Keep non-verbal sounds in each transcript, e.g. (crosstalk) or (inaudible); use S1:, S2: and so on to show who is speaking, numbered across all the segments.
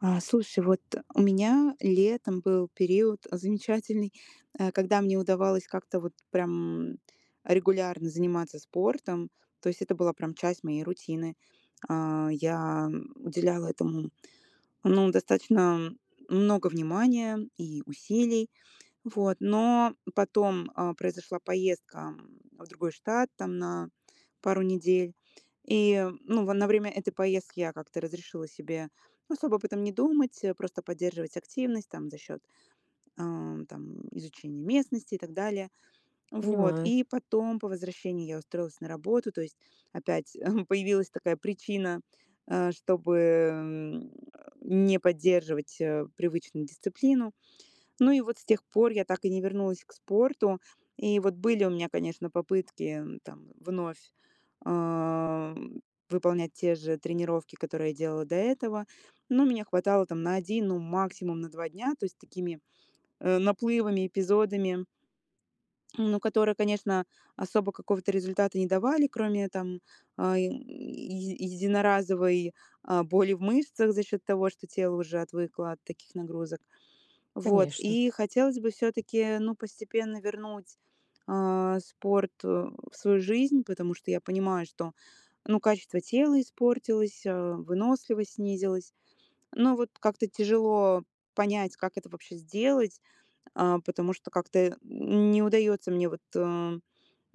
S1: А, слушай, вот у меня летом был период замечательный, э, когда мне удавалось как-то вот прям регулярно заниматься спортом, то есть это была прям часть моей рутины. А, я, м, уделяла этому, ну, достаточно много внимания и усилий. Вот. Но потом, э, произошла поездка, м, в другой штат, там на пару недель. И, ну, в на время этой поездки я как-то разрешила себе особо об этом не думать, э, просто поддерживать активность там за счёт, э, там изучения местности и так далее. Вот.
S2: Понимаю.
S1: И потом по возвращении я устроилась на работу, то есть опять, (chuckles) появилась такая причина, э, чтобы, м, (grunts) не поддерживать, э, привычную дисциплину. Ну и вот с тех пор я так и не вернулась к спорту. И вот были у меня, конечно, попытки там вновь, э, выполнять те же тренировки, которые делала до этого. Но меня хватало там на один, ну, максимум на два дня, то есть такими, э, наплывами, эпизодами. (smacks lips) Ну, которые, конечно, особо какого-то результата не давали, кроме там, ай, еди единоразовой, а, боли в мышцах за счёт того, что тело уже отвыкло от таких нагрузок. Вот.
S2: Конечно.
S1: И хотелось бы всё-таки, ну, постепенно вернуть, э, спорт, э, в свою жизнь, потому что я понимаю, что, ну, качество тела испортилось, э, выносливость снизилась. Но вот как-то тяжело понять, как это вообще сделать, э, потому что как-то н не удается мне вот, э,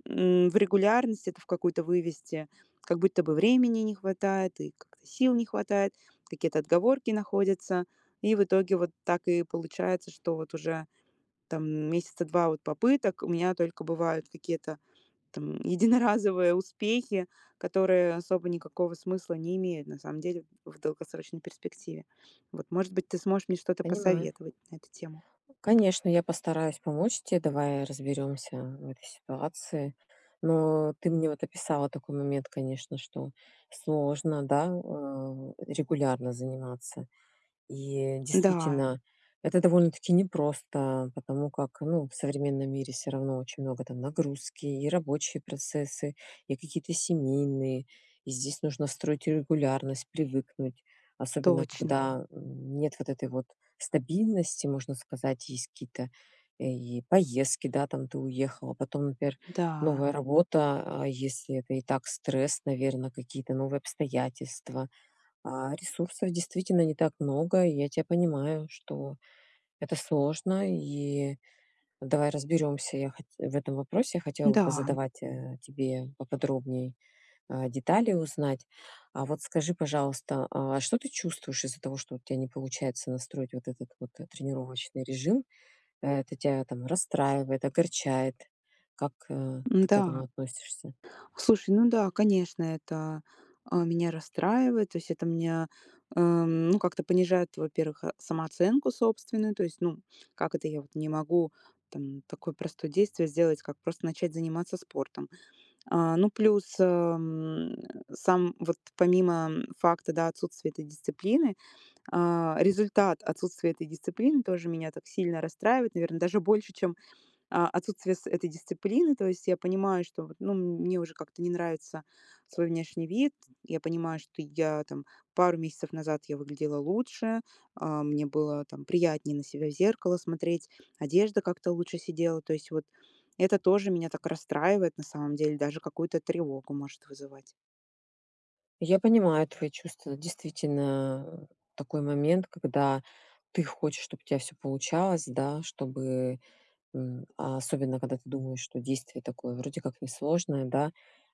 S1: м, в регулярность это в какую-то вывести. Как будто бы времени не хватает, и как-то сил не хватает, какие-то отговорки находятся. И в итоге вот так и получается, что вот уже там месяца 2 вот попыток. У меня только бывают какие-то там единоразовые успехи, которые особо никакого смысла не имеют на самом деле в долгосрочной перспективе. Вот. Может быть, ты сможешь мне что-то
S2: Понимаю.
S1: посоветовать на эту тему.
S2: Конечно, я постараюсь помочь те. Давай разберёмся, м, в этой ситуации. Но ты мне вот описала такой момент, конечно, что сложно, да, э, регулярно заниматься. И
S1: Да.
S2: действительно это довольно-таки непросто, потому как, ну, в современном мире всё равно очень много там нагрузки и рабочие процессы, и какие-то семейные, и здесь нужно строить регулярность, привыкнуть, особенно
S1: Точно.
S2: когда, м, нет вот этой вот стабильности, можно сказать, есть какие-то и поездки, да, там ты уехал, а потом, например,
S1: Да.
S2: новая работа. А, если это и так стресс, наверно, какие то новые обстоятельства. А, ресурсов действительно не так много, и я тя понимаю, что это сложно, и давай разберемся, я хот в этом вопросе, я хотела бы
S1: Да.
S2: позадавать, э, тебе поподробней, э, детали узнать. А вот скажи, пожалуйста, а что ты чувствуешь из-за того, что вот у тя не получается настроить вот этот вот, э, тренировочный режим: э, это тя там расстраивает, огорчает? Как, э, ты к
S1: М-да.
S2: этому относишься?
S1: Слушай, ну да, конечно, это, э, меня расстраивает. То есть это меня, э, м, ну как-то понижает, во-первых, э, самооценку собственную, то есть ну: "Как это я вот не могу там такое простое действие сделать, как просто начать заниматься спортом." А, ну плюс, эм, сам вот, помимо факта, да, отсутствия этой дисциплины, э, результат отсутствия этой дисциплины тоже меня так сильно расстраивает, наверно, даже больше чем, а, отсутствие с этой дисциплины. То есть я понимаю, что вот, ну, мне уже как-то не нравится свой внешний вид, я понимаю, что я там пару месяцев назад я выглядела лучше, а, мне было там приятнее на себя в зеркало смотреть, одежда как-то лучше сидела. То есть вот это тоже меня так расстраивает, на самом деле, даже какую-то тревогу может вызывать.
S2: Я понимаю твои чувства. Действительно, а, такой момент, когда ты хочешь, чтоб у тебя всё получалось, да, чтобы м, а особенно, когда ты думаешь, что действие такое вроде как не сложное, да.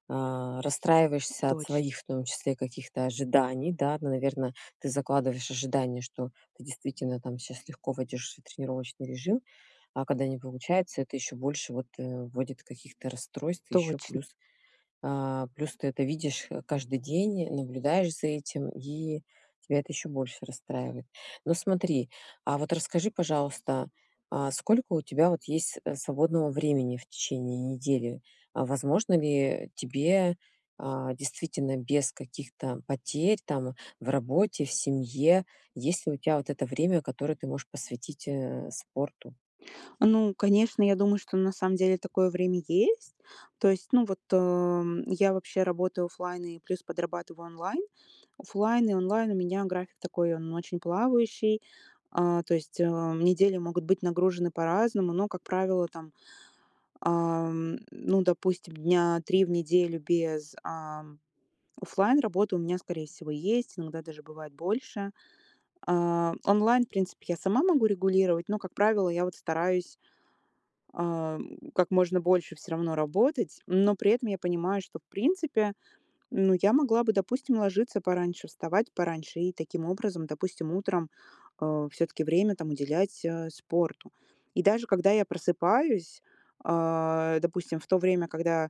S2: А, расстраиваешься от
S1: Точ
S2: своих, в том числе, каких-то ожиданий, да- ну, наверно, ты закладываешь ожидания, что ты действительно, там, сейчас легко войдешь в свой тренировочный режим- а когда не получается, это ещё больше вот, э, вводит каких-то расстройств. Еще
S1: Точно.
S2: плюс, а, плюс ты это видишь, э, каждый день, наблюдаешь за этим, и тя это ещё больше расстраивает. Ну смотри, а вот расскажи, пожалуйста, а сколько вот у тебя вот есть, э, свободного времени в течение недели? А возможно ли тебе, а, действительно, без каких-то потерь там в работе, в семье- есть ли у тя вот это время, которое ты можешь посвятить, э, спорту?
S1: Ну, конечно, я думаю, что на самом деле такое время есть. То есть ну вот, эм, я вообще работаю офлайн и плюс подрабатываю онлайн. Офлайн и онлайн у меня график такой, он очень плавающий, а, то есть, а, недели могут быть нагружены по-разному. Но, как правило, там, ам, ну, допустим, дня 3 в неделю без, ам, офлайн работы у меня, скорее всего, есть, иногда даже бывает больше. А, онлайн, в принципе, я сама могу регулировать, но, как правило, я вот стараюсь, ам, как можно больше всё равно работать, но при этом я понимаю, что в принципе, ну, я могла бы, допустим, ложиться пораньше, вставать пораньше, и таким образом, допустим, утром, э, всё-таки время там уделять, э, спорту. И даже когда я просыпаюсь, а, допустим, в то время, когда,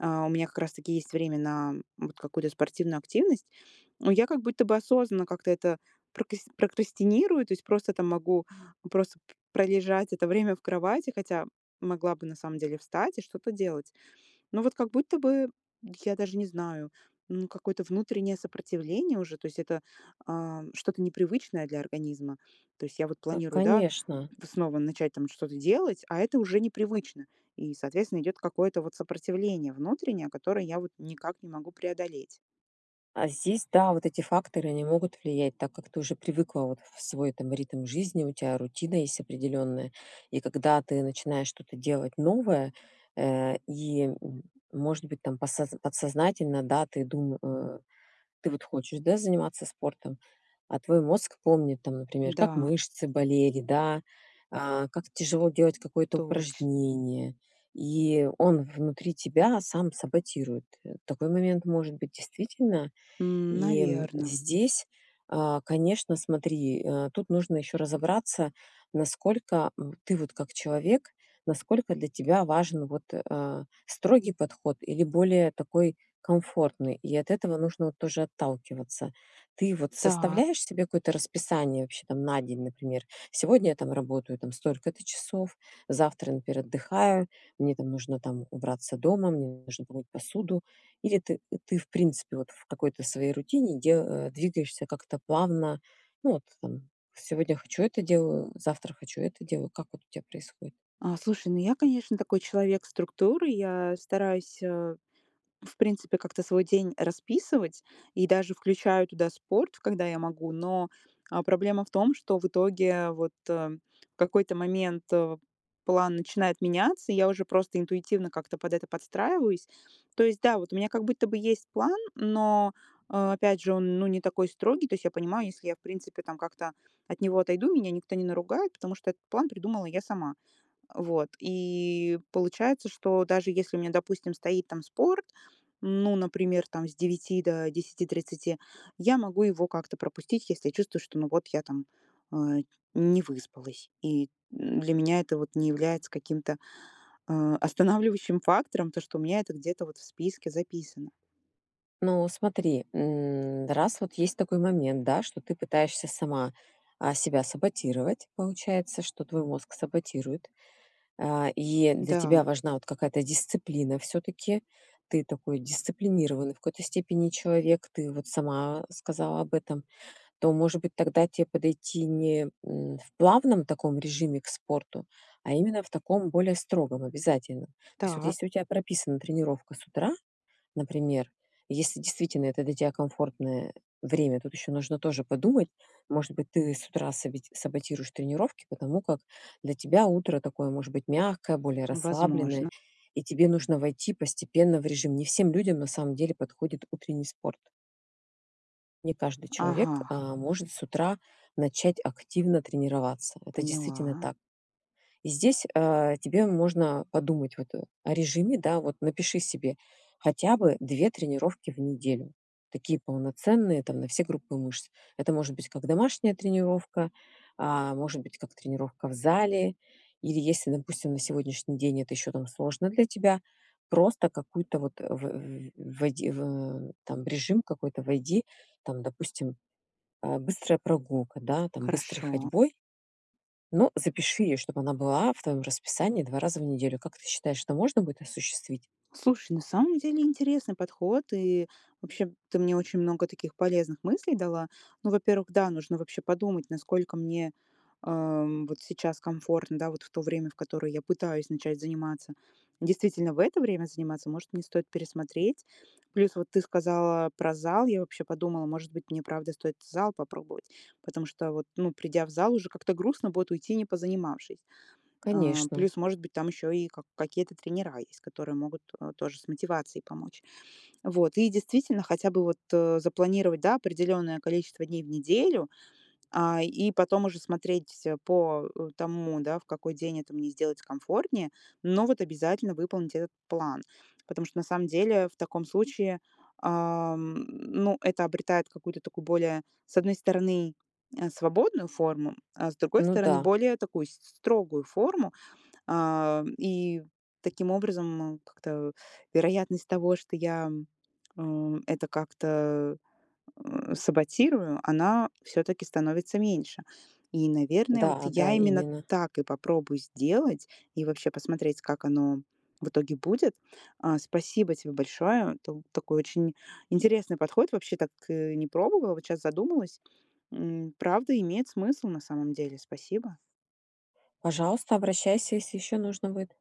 S1: а, у меня как раз таки есть время на вот какую-то спортивную активность, я как будто бы осознанно как-то это прокас прокрастинирую. То есть просто там могу просто п пролежать это время в кровати, хотя могла бы, на самом деле, встать и что-то делать. Ну вот как будто бы- я даже не знаю, м- какое-то внутреннее сопротивление уже. То есть это, ам, что-то непривычное для организма. То есть я вот
S2: Ка
S1: планирую, да,
S2: конечно.
S1: вснова начать там что-то делать, а это уже непривычно. И, соответственно, идет какое-то вот сопротивление внутреннее, которое я вот никак не могу преодолеть.
S2: А здесь, да, вот эти факторы- они могут влиять, так как ты уже привыкла вот в свой там ритм жизни, у тя рутина есть определённая, и когда ты начинаешь что-то делать новое, э, и, м может быть, там посо подсознательно, да, ты дум э, ты вот хочешь, да, заниматься спортом, а твой мозг помнит там, например, как
S1: Да.
S2: мышцы болели, да, а, как тяжело делать какое-то
S1: Точ
S2: упражнение, и он внутри тебя сам саботирует. Э, такой момент может быть, действительно.
S1: М,
S2: И, м,
S1: наверно.
S2: здесь, а, конечно, смотри, а, тут нужно ещё разобраться, насколько в ты вот как человек, насколько для тебя важен вот, э, а, строгий подход или более такой комфортный, и от этого нужно вот тоже отталкиваться. Ты вот
S1: Та
S2: составляешь себе какое-то расписание вообще там на день, например? "Сегодня я там работаю там столько-то часов, завтра, например, отдыхаю- мне там нужно там убраться дома, мне нужно помыть посуду". Или ты ты в принципе вот в какой-то своей рутине де э, двигаешься как-то плавно. Ну вот, там, сегодня хочу- это делаю, завтра хочу- это делаю. Как вот у тебя происходит?
S1: А слушай, ну я, конечно, такой человек структуры, я стараюсь, э, в принципе как-то свой день расписывать и даже включаю туда спорт, пф, когда я могу. Но, а, проблема в том, что в итоге вот, э, в какой-то момент, э, план начинает меняться, я уже просто интуитивно как-то под это подстраиваюсь. То есть, да, вот у меня как будто бы есть план, но, а, опять же, он ну не такой строгий. То есть я понимаю: если я, в принципе, там как-то от него отойду, меня никто не наругает, потому что этот план придумала я сама. Вот. И получается, что даже если у меня, допустим, стоит там спорт- ну, например, там с 9 до 10:30 - я могу его как-то пропустить, если чувствую, что ну вот я там, а, не выспалась. И, м, для меня это вот не является каким-то, а, останавливающим фактором, потому что у меня это где-то в списке записано.
S2: Ну, смотри, м, раз вот есть такой момент, да, что ты пытаешься сама, а, себя саботировать, получается, что твой мозг саботирует, а, и для
S1: Да.
S2: тебя важна вот какая-то дисциплина всё-таки. Ты такой дисциплинированный в какой-то степени человек. Ты вот сама сказала об этом, то, может быть, тогда те подойти не, м, в плавном таком режиме к спорту, а именно в таком более строгом, обязательном. То есть вот,
S1: Так.
S2: если у тя прописана тренировка с утра, например, если действительно это для тебя комфортное время- тут ещё нужно тоже подумать, может быть, ты с утра сабити саботируешь тренировки, потому как для тебя утро такое, может быть, мягкое, более расслабленное,
S1: Возможно.
S2: и тебе нужно войти постепенно в режим. Не всем людям на самом деле подходит утренний спорт. Не каждый человек,
S1: Ага.
S2: а, может с утра начать активно тренироваться. Это действительно
S1: Поняла.
S2: так. И здесь, а, тебе можно подумать вот о режиме, да, вот напиши себе хотя бы 2 тренировки в неделю. Такие полноценные там, на все группы мышц. Это может быть как домашняя тренировка, а может быть как тренировка в зале или если, допустим, на сегодняшний день это ещё там сложно для тебя, просто какой-то вот в вь войди в там, в режим какой-то войди, там, допустим, а, быстрая прогулка, да, там, быстрой
S1: Хорошо.
S2: ходьбой. Но запиши её, чтоб она была в твоем расписании 2 раза в неделю. Как ты считаешь, это можно будет осуществить?
S1: Слушай, на самом деле интересный подход, и вообще ты мне очень много таких полезных мыслей дала. Ну, во-первых, да, нужно вообще подумать, насколько мне, ам, вот сейчас комфортно, да, вот в то время, в которое я пытаюсь начать заниматься. Действительно в это время заниматься? Может, мне стоит пересмотреть. Плюс вот ты сказала про зал, я вообще подумала, может быть, мне правда стоит зал попробовать. Потому что вот, ну, придя в зал, уже как-то грустно будет уйти, не позанимавшись. А,
S2: Конечно.
S1: плюс, может быть, там ещё и ка какие-то тренера есть, которые могут, э, тоже с мотивацией помочь. Вот. И действительно, хотя бы вот, э, запланировать, да, определенное количество дней в неделю, а, и потом уже смотреть всё по, э, тому, да, в какой день это мне сделать комфортнее, но вот обязательно выполнить этот план. Потому что на самом деле в таком случае, ам, ну это обретает какую-то такую более, с одной стороны, э, свободную форму, а с другой
S2: Ну
S1: стороны,
S2: да.
S1: более такую с с строгую форму. А, и таким образом, м, как-то вероятность того, что я, м, э, это как-то, э, саботирую, она всё-таки становится меньше. И, наверное, вот
S2: Да, да,
S1: я именно
S2: именно.
S1: так и попробую сделать, и вообще посмотреть, как оно в итоге будет. А, спасибо тебе большое, тут такой очень интересный подход. Вообще так, э, не пробовала, вот щас задумалась. М, правда имеет смысл, на самом деле. Спасибо.
S2: Пожалуйста, обращайся, если ещё нужно будет.